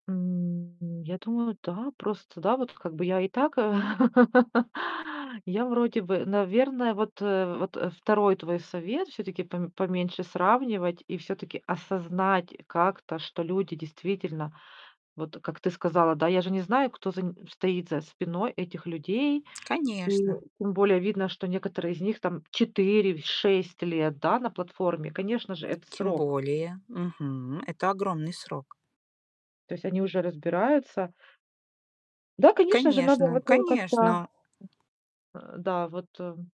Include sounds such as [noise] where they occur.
М, я думаю, да. Просто, да, вот как бы я и так, а, [laughs] я вроде бы, наверное, вот, э, вот 2 твой совет всё-таки: пом поменьше сравнивать и всё-таки осознать как-то, что люди действительно Вот, как ты сказала, да, я же не знаю, кто за нь стоит за спиной этих людей. Ту Конечно. тем более видно, что некоторые из них там 4-6 лет, да, на платформе. Конечно же, это Тем срок. более, мгм, это огромный срок. То есть они уже разбираются. Да, конечно же, надо Конечно, вот, э, как-то конечно! Э, да, вот, эм